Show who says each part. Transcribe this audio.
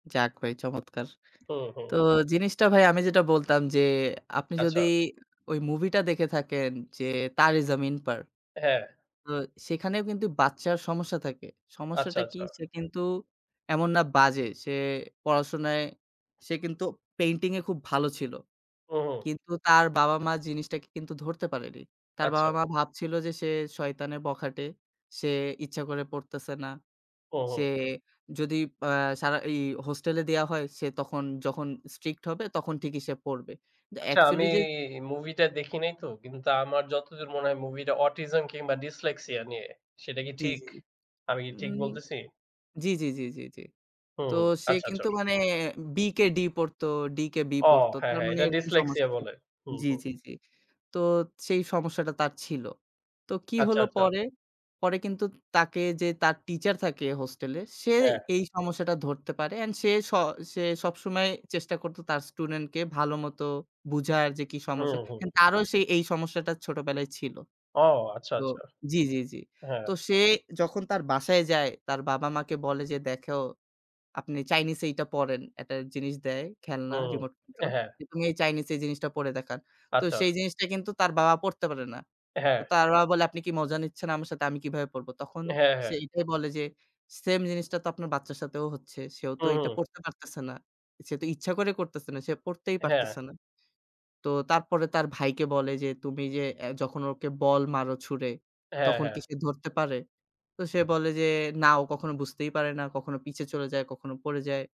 Speaker 1: যাক ভাই চমৎকার।
Speaker 2: হুম, হুম।
Speaker 1: তো জিনিসটা ভাই আমি যেটা বলতাম যে আপনি
Speaker 2: আচ্ছা।
Speaker 1: যদি ওই মুভিটা দেখে থাকেন যে "তারে জামিন পার"।
Speaker 2: হ্যাঁ।
Speaker 1: তো সেখানেও কিন্তু বাচ্চার সমস্যা থাকে।
Speaker 2: আচ্ছা,
Speaker 1: সমস্যাটা কি
Speaker 2: আচ্ছা।
Speaker 1: সে কিন্তু এমন না বাজে। সে পড়াশোনায় সে কিন্তু পেইন্টিং এ খুব ভালো ছিল।
Speaker 2: ও হো।
Speaker 1: কিন্তু তার বাবা মা জিনিসটাকে কিন্তু ধরতে পারেনি। তার বাবা
Speaker 2: আচ্ছা।
Speaker 1: মা ভাবছিল যে সে শয়তানের বখাটে। সে ইচ্ছা করে পড়তেছে না।
Speaker 2: ও হো।
Speaker 1: সে যদি অ্যা সারা ই হোস্টেলে দেয়া হয় সে তখন যখন স্ট্রিক্ট হবে তখন ঠিকই সে পড়বে। কিন্তু
Speaker 2: আচ্ছা
Speaker 1: অ্যাকচুয়ালি
Speaker 2: আমি
Speaker 1: যে
Speaker 2: মুভিটা দেখি নাই তো? কিন্তু তা আমার যতদূর মনে হয় মুভিটা Autism কিংবা Dislexia নিয়ে সেটা কি
Speaker 1: জ্বি,
Speaker 2: ঠিক?
Speaker 1: জ্বি, জ্বি।
Speaker 2: আমি কি ঠিক
Speaker 1: উম
Speaker 2: বলতেছি?
Speaker 1: জ্বি, জ্বি, জ্বি, জ্বি, জ্বি।
Speaker 2: হুম,
Speaker 1: তো
Speaker 2: হুম
Speaker 1: সে
Speaker 2: আচ্ছা
Speaker 1: কিন্তু
Speaker 2: চর।
Speaker 1: মানে B কে D পড়তো D কে B
Speaker 2: ও
Speaker 1: পড়ত,
Speaker 2: হ্যাঁ,
Speaker 1: তার
Speaker 2: হ্যাঁ,
Speaker 1: মানে
Speaker 2: এটা
Speaker 1: এরকম
Speaker 2: Dislexia
Speaker 1: সমস্যা ছিল।
Speaker 2: বলে। হুম,
Speaker 1: জ্বি,
Speaker 2: হুম।
Speaker 1: জ্বি, জ্বি। তো সেই সমস্যাটা তার ছিল। তো কি
Speaker 2: আচ্ছা,
Speaker 1: হলো
Speaker 2: আচ্ছা।
Speaker 1: পরে? পরে কিন্তু তাকে যে তার টিচার থাকে হোস্টেলে, সে
Speaker 2: হ্যাঁ।
Speaker 1: এই সমস্যাটা ধরতে পারে অ্যান্ড সে স সে সবসময় চেষ্টা করত তার স্টুডেন্ট কে ভালোমত বুঝার যে কি
Speaker 2: হুম,
Speaker 1: সমস্যা,
Speaker 2: হুম।
Speaker 1: তারও এই সমস্যাটা ছোটবেলায় ছিল।
Speaker 2: ও আচ্ছা,
Speaker 1: তো,
Speaker 2: আচ্ছা।
Speaker 1: জ্বি, জ্বি, জ্বি।
Speaker 2: হ্যাঁ।
Speaker 1: তো সে যখন তার বাসায় যায়, তার বাবা মাকে বলে যে দেখো আপনি চাইনিজটা পড়েন। একটা জিনিস দেয় খেলনা
Speaker 2: হুম,
Speaker 1: রিমোট কন্ট্রোল।
Speaker 2: হ্যাঁ।
Speaker 1: তুমি এই চাইনিজ জিনিসটা পড়ে দেখান। তো
Speaker 2: আচ্ছা।
Speaker 1: সেই জিনিসটা কিন্তু তার বাবা পড়তে পারে না। তো
Speaker 2: হ্যাঁ।
Speaker 1: তার বাবা বলে আপনি কি মজা নিচ্ছেন আমার সাথে আমি কিভাবে পড়ব? তখন
Speaker 2: হ্যাঁ,
Speaker 1: সে
Speaker 2: হ্যাঁ।
Speaker 1: এটাই বলে যে সেইম জিনিসটা তো আপনার বাচ্চার সাথেও হচ্ছে। সেও তো
Speaker 2: হুম,
Speaker 1: এটা
Speaker 2: হুম।
Speaker 1: পড়তে পারতেছে না। সে তো ইচ্ছা করে করতাছে না। সে পড়তেই পারতেছে
Speaker 2: হ্যাঁ।
Speaker 1: না। তো তারপরে তার ভাইকে বলে যে তুমি যে অ্যা যখন ওকে বল মারো ছুঁড়ে
Speaker 2: হ্যাঁ,
Speaker 1: তখন কি
Speaker 2: হ্যাঁ।
Speaker 1: সে ধরতে পারে? তো সে বলে যে "না ও কখনো বুঝতেই পারে না। কখনো পিছে চলে যায়, কখনো পড়ে যায়।"